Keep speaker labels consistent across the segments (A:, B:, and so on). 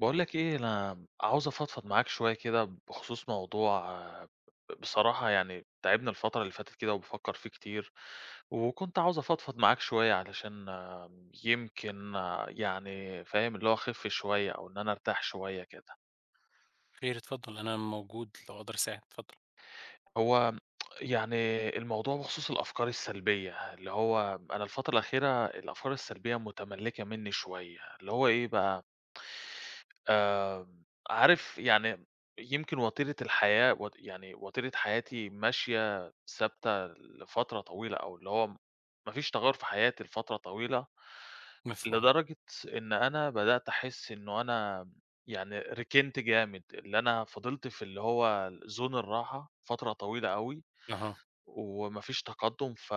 A: باقول لك ايه أنا عاوز أفضفض معاك شوية كده بخصوص موضوع بصراحة يعني تاعبني الفترة اللي فاتت كده وبافكر فيه كتير، وكنت عاوزة أفضفض معاك شوية علشان يمكن يعني فاهم اللي هو أخف شوية أو إن أنا أرتاح شوية كده.
B: خير اتفضل أنا موجود لو أقدر أساعد اتفضل.
A: هو يعني الموضوع بخصوص الأفكار السلبية، اللي هو أنا الفترة الأخيرة الأفكار السلبية متملكة مني شوية اللي هو إيه بقى. آمم عارف يعني يمكن وتيرة الحياة و يعني وتيرة حياتي ماشية ثابتة لفترة طويلة أو اللي هو ما فيش تغير في حياتي لفترة طويلة،
B: مفهوم.
A: لدرجة إن أنا بدأت أحس إنه أنا يعني ركنت جامد اللي أنا فضلت في اللي هو zone الراحة فترة طويلة أوي،
B: اها.
A: وما فيش تقدم ف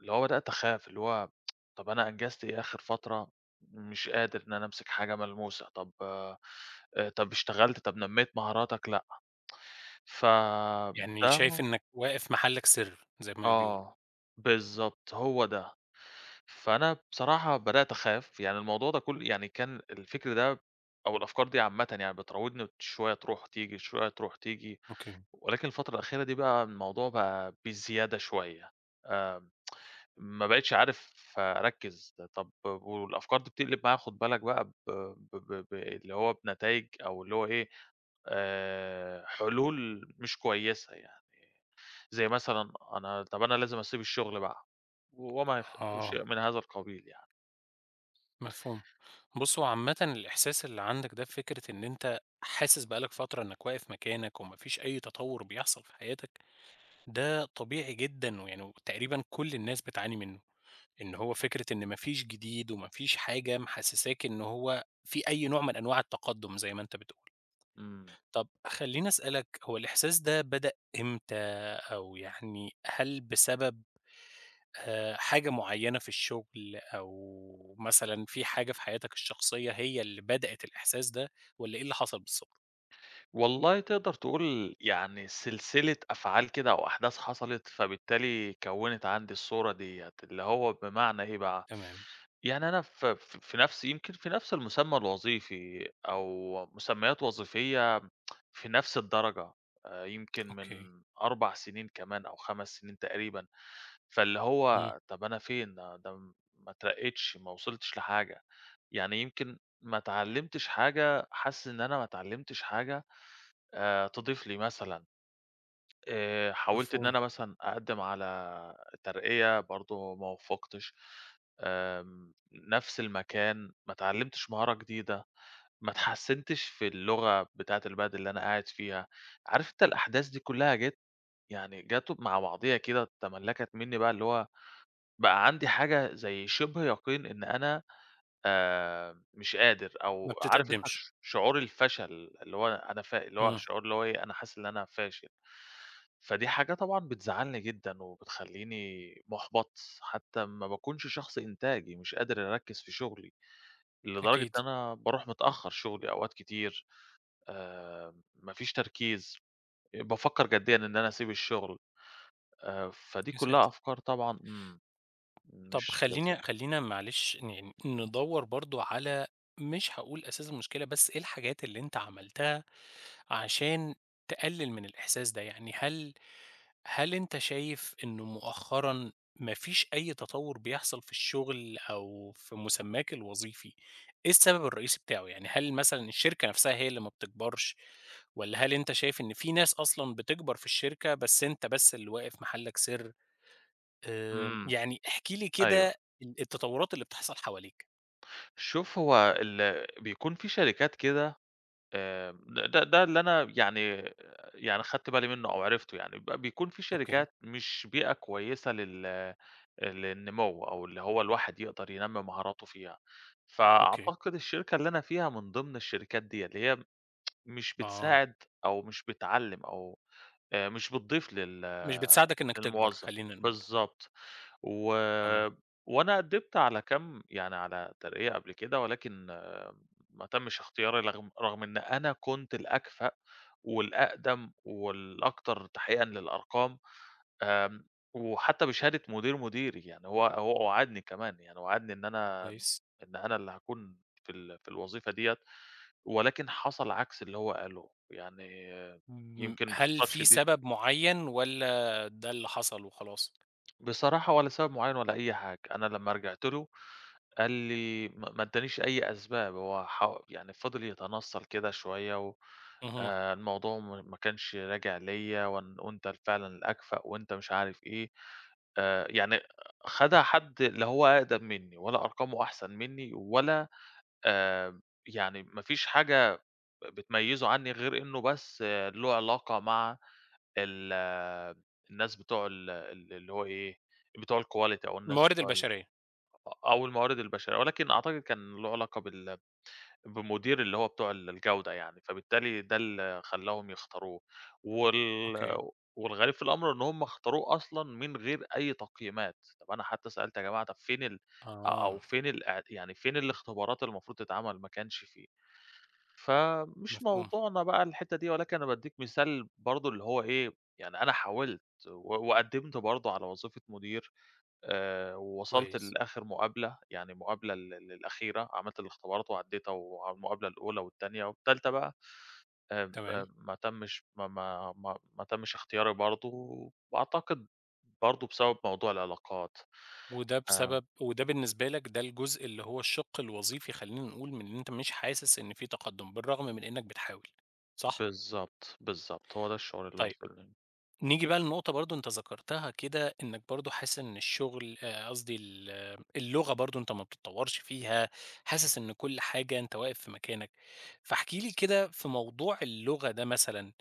A: اللي هو بدأت أخاف اللي هو طب أنا أنجزت إيه آخر فترة، مش قادر إن أنا أمسك حاجة ملموسة، طب طب اشتغلت، طب نميت مهاراتك، لأ ف
B: يعني
A: ده
B: شايف
A: م
B: إنك واقف محلك سر زي ما بيقولوا.
A: آه بالضبط هو ده، فأنا بصراحة بدأت أخاف يعني الموضوع ده كل يعني كان الفكر ده أو الأفكار دي عامةً يعني بتراوضني شوية تروح وتيجي شوية تروح تيجي،
B: أوكي.
A: ولكن الفترة الأخيرة دي بقى الموضوع بقى بزيادة شوية آآ، ما بقيتش عارف أركّز طب والأفكار دي بتقلب معايا خد بالك بقى ب ب ب ب اللي هو بنتايج أو اللي هو إيه آآ حلول مش كويسة يعني، زي مثلًا أنا طب أنا لازم أسيب الشغل بقى وما يخ وشيء
B: آه.
A: من هذا القبيل يعني.
B: مفهوم، بُصّ هو عامةً الإحساس اللي عندك ده فكرة إن أنت حاسس بقى لك فترة إنك واقف مكانك وما فيش أي تطور بيحصل في حياتك ده طبيعي جدًا، [unintelligible] تقريبًا كل الناس بتعاني منه، إن هو فكرة إن ما فيش جديد وما فيش حاجة محسساك إن هو في أي نوع من أنواع التقدم زي ما أنت بتقول.
A: امم.
B: طب خليني أسألك هو الإحساس ده بدأ إمتى؟ أو يعني هل بسبب آآ حاجة معينة في الشغل أو مثلًا في حاجة في حياتك الشخصية هي اللي بدأت الإحساس ده والّا إيه اللي حصل بالضبط؟
A: والله تقدَر تقول يعني سلسلة أفعال كده أو أحداث حصَلِت فبالتالي كوِّنِت عَندي الصورة ديّة، اللي هو بمعنى إيه بقى،
B: تمام.
A: يعني أنا ف في نَفس، يمكن في نَفس المُسمّى الوظيفي أو مُسمّيات وظيفيّة في نَفس الدرجة آآ، يمكن من
B: أوكي.
A: 4 سنين كمان أو 5 سنين تقريبًا. فاللي
B: إمم.
A: هو طَب أنا فين ده، ما اتّرقيتش، ما وصَلتش لحاجة يعني يمكن ما اتعلّمتش حاجة حاسس إن أنا ما اتعلّمتش حاجة آآ تضيف لي مثلًا. آآ حاولت إن
B: مفهوم.
A: أنا مثلًا أقدِّم على ترقية برضه ما وُفِّقتش آمم، نَفس المكان ما اتعلّمتش مهارة جديدة، ما اتحسّنتش في اللغة بتاعة البلد اللي أنا قاعد فيها، عارف أنت الأحداث دي كلّها جات، يعني جات مع بعضها كده تملّكت منّي بقى اللي هو بقى عَندي حاجة زي شِبْه يقين إن أنا آآ مش قادر
B: ما
A: أو عارف أنت
B: بتتقدّمش.
A: ش شعور الفشل اللي هو أنا ف اللي هو
B: إمم.
A: الشعور اللي هو إيه، أنا حاسس إن أنا فاشل. فدي حاجة طبعًا بتزعّلني جدًا وبتخلّيني مُحبَط حتى ما باكونش شخص إنتاجي، مش قادر أركّز في شُغلي، لدرجة
B: أكيد.
A: إن أنا بارُوح متأخّر شُغلي أوقات كتير آآ، ما فيش تركيز، بافكّر جديًا إن أنا أسيب الشغل آآ، فدي
B: يا
A: كلّها
B: ساتر.
A: أفكار طبعًا، امم،
B: طَب
A: مش لذ
B: خلّينا خلّينا معلش يعني ن ندوَّر برضه على مش هاقول أساس المشكلة، بس إيه الحاجات اللي أنت عملتها عشان تقلّل من الإحساس ده، يعني هل هل أنت شايف إنه مؤخرًا ما فيش أي تطوُّر بيحصَل في الشغل أو في مُسمَّاك الوظيفي؟ إيه السبب الرئيسي بتاعه، يعني هل مثلًا الشركة نَفسها هي اللي ما بتكبَرش والّا هل أنت شايف إن في ناس أصلًا بتكبَر في الشركة بس أنت بس اللي واقف محلّك سر؟ آآ،
A: إمم.
B: يعني احكِ لي كده
A: أيوه.
B: ال التطوُّرات اللي بتحصَل حواليك.
A: شوف هو ال بيكون في شركات كده آآ د ده ده اللي أنا يعني، يعني خَدت بالي منُّه أو عرِفته يعني، ب بيكون في
B: أوكي.
A: شركات مش بيئة كويسة لل آآ، للنمو أو اللي هو الواحد يقدَر ينمّي مهاراته فيها،
B: أوكي.
A: فأعتقد الشركة اللي أنا فيها من ضِمن الشركات ديّة، اللي هي مش
B: آه.
A: بتساعد أو مش بتعلّم أو آآ مش بتضيف لل
B: مش بتساعدك إنك تكبَر،
A: للموظَّف.
B: خلّينا نقول.
A: بالضبط. و
B: تمام.
A: وأنا قدِّمت على كام يعني على ترقية قبْل كده ولكن ما تمِّش اختياري، رغم رغم إن أنا كنت الأكفأ والأقدَم والأكتر تحقيقًا للأرقام آمم، وحتى بشهادة مدير مديري، يعني هو هو وعَدني كمان، يعني وعدني إن أنا
B: كويس.
A: إن أنا اللي هاكون في ال في الوظيفة ديّة ولكن حصَل عكْس اللي هو قاله يعني
B: امم،
A: يمكن
B: هل
A: باختصار
B: في
A: شديد
B: سبب معيّن والّا ده اللي حصَل وخلاص؟
A: بصراحة ولا سبب معيّن ولا أي حاجة، أنا لما رجِعت له قال لي، ما ما ادّانيش أي أسباب، هو ح يعني فضِل يتنصّل كده شوية و
B: اهم.
A: آآ الموضوع مو ما كانش راجع ليَّ وإن وأنت ال فعلًا الأكفأ وأنت مش عارف إيه آآ، يعني خَدها حد لا هو أقدَم منّي ولا أرقامه أحسَن منّي ولا آآ، يعني ما فيش حاجة بتميّزه عنّي غير إنه بس له علاقة مع ال الناس بتوع ال ال اللي هو إيه بتوع الquality أو الناس
B: الموارد
A: بتوع ال
B: البشرية.
A: أ أو الموارد البشرية ولكن أعتقد كان له علاقة بال بمدير اللي هو بتوع ال الجودة يعني، فبالتالي ده اللي خلّاهم يختاروه وال
B: أوكي.
A: والغريب في الأمر إن هُم اختاروه أصلًا من غير أي تقييمات، طَب أنا حتى سألت يا جماعة طَب فين ال أ أو
B: آه.
A: فين الأع يعني فين الاختبارات المفروض تتعمل؟ ما كانش فيه. فمش
B: مفهوم.
A: موضوعنا بقى الحِتّة دي ولكن أنا بادّيك مثال برضه اللي هو إيه، يعني أنا حاولت و وقدّمت برضه على وظيفة مدير آآ، ووصَلت
B: كويس.
A: لآخِر مقابلة، يعني للمقابلة ال ال الأخيرة، عملت الإختبارات وعدّيتها والمقابلة الأولى والتانية والتالتة بقى آآ، ب آآ،
B: تمام.
A: ب ما تمّش، ما ما ما ما تمّش إختياري برضه وأعتقد برضه بسبب موضوع العلاقات.
B: وده
A: آآ
B: بسبب وده بالنسبة لك ده الجزء اللي هو الشِّق الوظيفي، خلّينا نقول من إن أنت مش حاسس إن في تقدُّم بالرغم من إنك بتحاول، صح؟
A: بالضبط، بالضبط، هو ده الشغل اللي
B: طيب،
A: واصِل [unintelligible]
B: نيجي بقى لنقطة برضه أنت ذكَرتها كده، إنك برضه حاسس إن الشغل، آآ قصدي ال اللغة برضه أنت ما بتتطوّرش فيها، حاسس إن كلّ حاجة أنت واقف في مكانك، فاحكِ لي كده في موضوع اللغة ده، مثلًا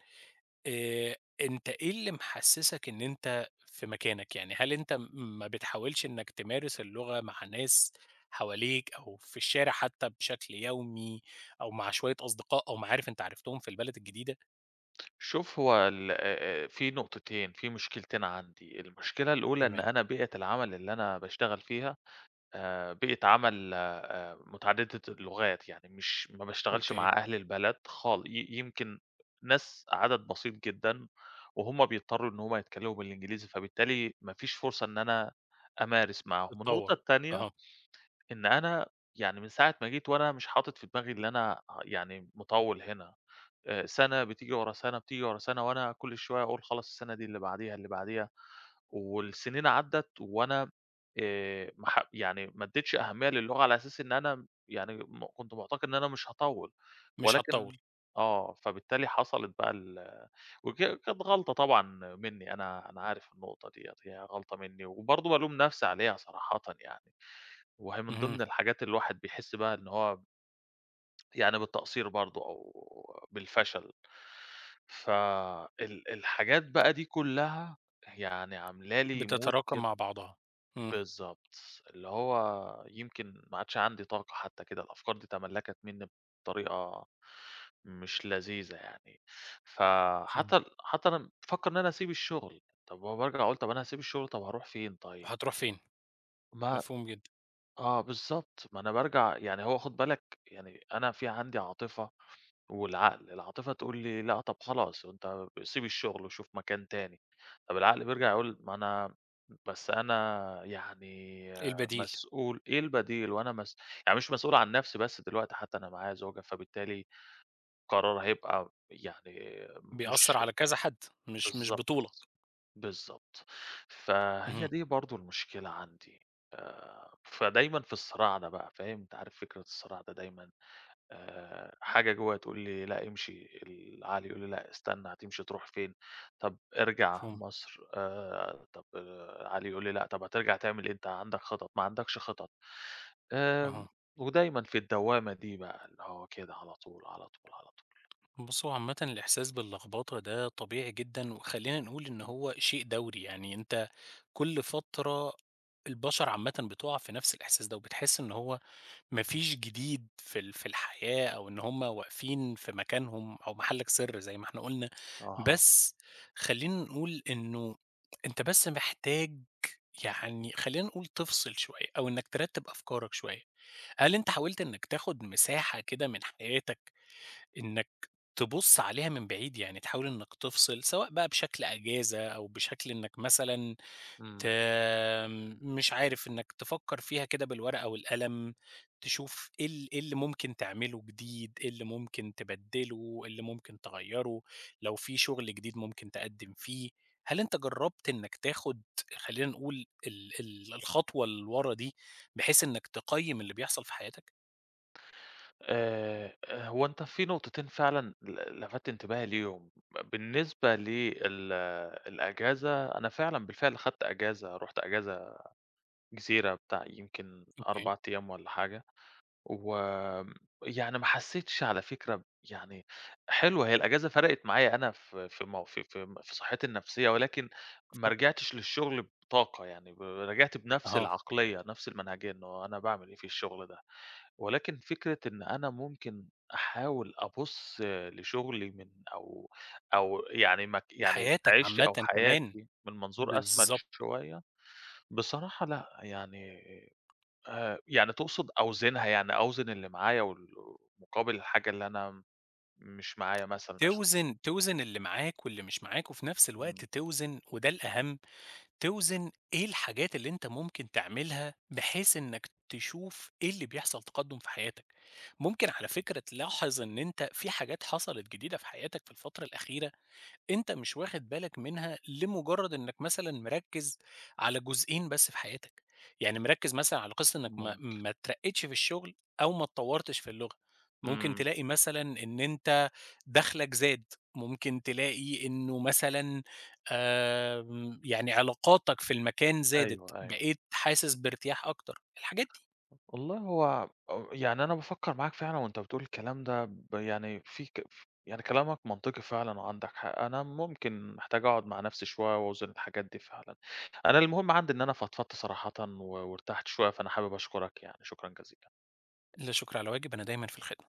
B: آآ أنت إيه اللي محسّسك إن أنت في مكانك، يعني هل أنت م ما بتحاولش إنّك تمارس اللغة مع ناس حواليك أو في الشارع حتى بشكل يومي أو مع شوية أصدقاء أو معارِف أنت عرفتهم في البلد الجديدة؟
A: شوف هو ال آآ، آآ في نقطتين، في مشكلتين عندي، المشكلة الأولى إن
B: تمام.
A: أنا بيئة العمل اللي أنا باشتغل فيها آآ، بيئة عمل آآ، متعددة اللغات. يعني مش ما باشتغلش مع
B: أوكي.
A: أهل البلد خال ي يمكن ناس عدد بسيط جدًا، وهُم بيضطروا إن هُم يتكلموا بالإنجليزي، فبالتالي ما فيش فرصة إن أنا أمارس معاهم. النقطة
B: بتطوّل،
A: التانية
B: أها.
A: إن أنا يعني من ساعة ما جيت وأنا مش حاطط في دماغي إن أنا يعني مطوّل هنا، آآ سنة بتيجي ورا سنة بتيجي ورا سنة وأنا كل شوية أقول خلاص السنة دي اللي بعديها اللي بعديها، والسنين عدّت وأنا آآ ما ح يعني ما أدّيتش أهمية للغة على أساس إن أنا يعني م كنت معتقد إن أنا مش هاطوّل.
B: مش
A: ولكن
B: هتطوّل.
A: آه، فبالتالي حصلت بَقى ال وك كانت غلطة طبعًا مني أنا أنا عارف النقطة دي، هي غلطة مني وبرضه بالوم نفسي عليها صراحةً يعني، وأهي من
B: اهم.
A: ضمن الحاجات اللي الواحد بيحس بَقى إن هو يعني بالتقصير برضه أو بالفشل، ف ال ال الحاجات بَقى دي كلها يعني عاملة لي mood
B: بتتراكم
A: كده،
B: مع بعضها، امم.
A: بالضبط، اللي هو يمكن ما عادش عندي طاقة حتى كده. الأفكار دي تملّكت منّي بطريقة مش لذيذة يعني،
B: [unintelligible]
A: فَحتى حتى أنا بافكر إن أنا أسيب الشغل، طَب ما هو بارجع أقول طَب أنا هاسيب الشغل، طَب هاروح فين طيب؟
B: هتروح فين،
A: ما
B: مفهوم جدًا.
A: آه بالضبط، ما أنا بارجع يعني هو خُد بالك يعني أنا في عندي عاطفة والعقل، العاطفة تقول لي: "لأ طَب خلاص، أنت سيب الشغل وشوف مكان تاني،" طب العقل بيرجع يقول ما أنا بس أنا يعني
B: إيه
A: آآ
B: البديل.
A: مسؤول إيه البديل؟ وأنا مس يعني مش مسؤول عن نفسي بس دلوقتي حتى أنا معايا زوجة، فبالتالي قرار هيبقى يعني
B: بيأثر
A: مش
B: على كذا حد، مش مش
A: بالضبط،
B: بطولك.
A: بالضبط. فهي
B: اهم.
A: دي برضه المشكلة عندي آآ، فدايمًا في الصراع ده بقى فاهم؟ أنت عارف فكرة الصراع ده دايمًا، آآ حاجة جوا تقول لي: "لأ امشي" العقل يقول لي: "لأ استنى، هتمشي تروح فين؟ طَب ارجع
B: مفهوم.
A: مصر" آآ طَب آآ عقلي يقول لي: "لأ طَب هترجع تعمل إيه أنت عندك خطط؟ ما عندكش خطط" آآ
B: أها.
A: ودايمًا في الدوامة دي بَقى اللي هو كده على طول، على طول، على طول.
B: بص، هو عامةً الإحساس باللخبطة ده طبيعي جدًا، وخلّينا نقول إن هو شيء دوري. يعني أنت كل فترة البشر عامةً بتُقع في نفس الإحساس ده، وبتحسّ إن هو ما فيش جديد في ال في ال الحياة، أو إن هم واقفين في مكانهم، أو محلّك سر زي ما إحنا قلنا.
A: اها.
B: بس خلّينا نقول إنه أنت بس محتاج يعني خلّينا نقول تفصل شوية، أو إنَّك ترتّب أفكارك شوية. هل أنت حاولت إنَّك تأخد مساحة كده من حياتك إنَّك تبص عليها من بعيد؟ يعني تحاول إنَّك تفصل، سواء بقى بشكل إجازة، أو بشكل إنَّك مثلًا ت
A: امم.
B: مش عارف إنَّك تفكر فيها كده بالورقة والقلم، تشوف إيه ال إيه اللي ممكن تعمله جديد؟ إيه اللي ممكن تبدّله؟ اللي ممكن تغيّره؟ لو في شغل جديد ممكن تقدّم فيه؟ هل أنت جرّبت إنَّك تاخد خلّينا نقول ال ال الخطوة اللي ورا دي بحيث إنَّك تقيّم اللي بيحصل في حياتك؟
A: آآ آآ هو أنت في نقطتين فعلًا ل ل لفَتّ إنتباهي ليهم ب بالنسبة ل ال الإجازة أنا فعلًا بالفعل أخدت إجازة، رُحت إجازة جزيرة بتاع يمكن
B: أوكي.
A: 4 أيام والّا حاجة، و يعني ما حسّيتش على فكرة، يعني حلوة هي الإجازة فرقِت معايا أنا في في مو في في في صحّتي النفسية ولكن ما
B: مفهوم.
A: رجِعتش للشغل بطاقة، يعني ب رجِعت بنَفس
B: أها.
A: العقلية، نفس المنهجية، إنه أنا باعمل إيه في الشغل ده، ولكن فكرة إن أنا ممكن أحاول أبُص لشُغلي من أو أو يعني مك يعني
B: لحياتك
A: عيشتي أو
B: عامةً كمان.
A: حياتي من منظور أشمل
B: بالضبط.
A: شوية، بصراحة لأ، يعني، آآ يعني تقصُد أوزِنها، يعني أوزِن اللي معايا وال مقابِل الحاجة اللي أنا مش معايا مثلًا أشوف ال
B: توزِن توزِن اللي معاك واللي مش معاك وفي نفس الوقت
A: إمم.
B: توزِن وده الأهَم، توزِن إيه الحاجات اللي أنت ممكن تعملها بحيث إنك تشوف إيه اللي بيحصَل تقدُّم في حياتك، ممكن على فكرة تلاحظ إن أنت في حاجات حصَلِت جديدة في حياتك في الفترة الأخيرة. أنت مش واخد بالك منها لمجرّد إنك مثلًا مركِّز على جزئين بس في حياتك، يعني مركِّز مثلًا على قِصّة إنك ما
A: ممكن.
B: ما اترقّيتش في الشغل أو ما اتطوّرتش في اللغة، ممكن
A: إمم.
B: تلاقي مثلًا إن أنت دخلَك زاد، ممكن تلاقي إنه مثلًا آآ، يعني علاقاتك في المكان زادت،
A: أيوه، أيوه.
B: بقيت حاسس بارتياح أكتر، الحاجات دي.
A: والله هو أ يعني أنا بافكّر معاك فعلًا وأنت بتقول الكلام ده ب يعني في ك ف يعني كلامك منطقي فعلًا وعَندك حق، أنا ممكن محتاج أقعُد مع نَفسي شوية وأوزِن الحاجات دي فعلًا، أنا المهم عندي إن أنا فضفضت صراحةً و وارتحت شوية فأنا حابب أشكرك يعني، شكرًا جزيلًا.
B: لا شُكر على واجب، أنا دايمًا في الخدمة.